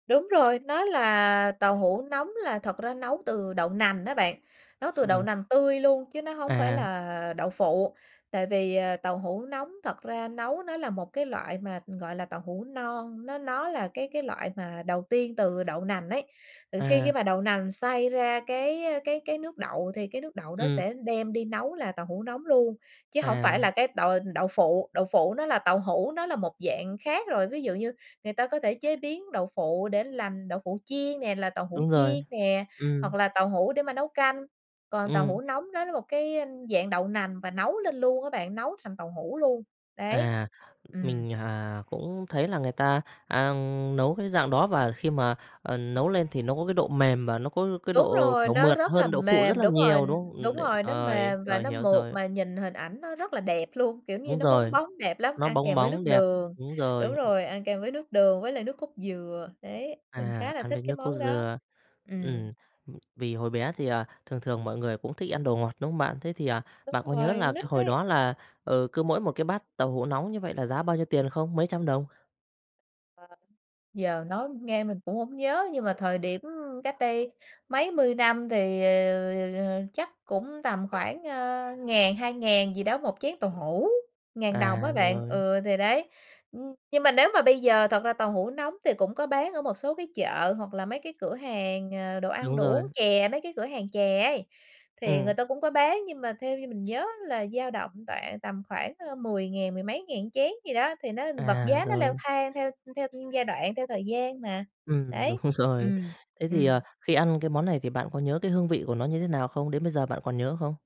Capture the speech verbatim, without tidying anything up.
Đúng rồi, nó là tàu hũ nóng là thật ra nấu từ đậu nành á bạn, nấu từ đậu Ừm. nành tươi luôn chứ nó hông phải À. là đậu phụ, tại vì, ờ, tàu hũ nóng thật ra nấu nó là một cái loại mà, gọi là, tàu hũ non, nó nó là cái cái loại mà đầu tiên từ đậu nành ấy. Ờ, khi khi À. mà đậu nành xay ra cái, ơ, cái cái nước đậu thì cái nước đậu đó Ừm. sẽ đem đi nấu là tàu hũ nóng luôn, chứ hổng phải là À. cái đậu đậu phụ, đậu phụ nó là tàu hũ, nó là một dạng khác rồi. Ví dụ như người ta có thể chế biến đậu phụ để làm đậu phụ chiên nè, là tàu hũ Đúng rồi, chiên nè, hoặc ừm. là tàu hũ để mà nấu canh, còn tàu hũ Ừm. nóng nó là một cái dạng đậu nành và nấu lên luôn á bạn, nấu thành tàu hũ luôn, đấy, À, ừm. mình, à, cũng thấy là người ta, a, nấu cái dạng đó và khi mà, ờ, nấu lên thì nó có cái độ mềm và nó có cái Đúng độ, rồi, kiểu, nó mượt rất là hơn đậu phụ rất mềm, là đúng rồi, nhiều, đúng không? Ừm, đúng đ rồi, nó rồi, mềm và rồi, nó hiểu mượt rồi. mà nhìn hình ảnh nó rất là đẹp luôn, kiểu, như Đúng nó bóng rồi, bóng đẹp lắm, nó ăn bóng kèm với bóng, nước đẹp, đường, đúng đúng rồi. Ừm. rồi, ăn kèm với nước đường với lại nước cốt dừa. Đấy, mình À, khá là ăn thích với cái nước cốt món đó. dừa, Ừm. ừm, vì hồi bé thì, à, thường thường mọi người cũng thích ăn đồ ngọt, đúng không bạn? Thế thì, à, Đúng bạn có nhớ rồi, là nít hồi ấy. đó là, ừ, cứ mỗi một cái bát tàu hũ nóng như vậy là giá bao nhiêu tiền không? Mấy trăm đồng? Ờ, giờ nói nghe mình cũng hổng nhớ nhưng mà thời điểm cách đây mấy mươi năm thì, ờ, chắc cũng tầm khoảng, ờ, ngàn hai ngàn gì đó một chén tàu hũ, ngàn đồng á À, bạn. rồi. Ừ, thì đấy, ừm, nhưng mà nếu mà bây giờ thật ra tàu hũ nóng thì cũng có bán ở một số cái chợ, hoặc là mấy cái cửa hàng, ờ, đồ ăn Đúng đồ rồi. uống chè, mấy cái cửa hàng chè ấy thì Ừm. người ta cũng có bán. Nhưng mà theo như mình nhớ là dao động khoảng tầm khoảng, ơ, mười ngàn mười mấy ngàn chén gì đó, thì nó vật À, giá nó leo rồi. thang theo theo giai đoạn, theo thời gian mà, Ừm, đúng đấy, rồi. ừm, Thế thì, à, ừm. khi ăn cái món này thì bạn có nhớ cái hương vị của nó như thế nào không? Đến bây giờ bạn còn nhớ không?